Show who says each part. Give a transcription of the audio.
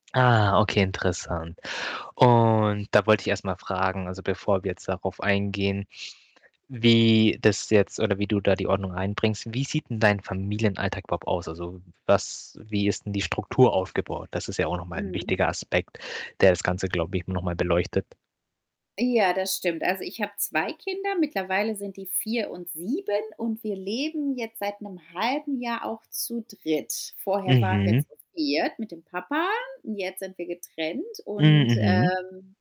Speaker 1: Ah, okay, interessant. Und da wollte ich erst mal fragen, also, bevor wir jetzt darauf eingehen, wie das jetzt oder wie du da die Ordnung reinbringst. Wie sieht denn dein Familienalltag überhaupt aus? Also, was wie ist denn die Struktur aufgebaut? Das ist ja auch noch mal 'n
Speaker 2: Mhm.
Speaker 1: wichtiger Aspekt, der das Ganze, glaube ich, noch mal beleuchtet.
Speaker 2: Ja, das stimmt. Also, ich habe 2 Kinder, mittlerweile sind die 4 und 7 und wir leben jetzt seit 'nem 1/2 Jahr auch zu 3. Vorher waren wir
Speaker 1: Mhm.
Speaker 2: zu 4. mit dem Papa und jetzt sind wir getrennt. Und,
Speaker 1: Mhm.
Speaker 2: ähm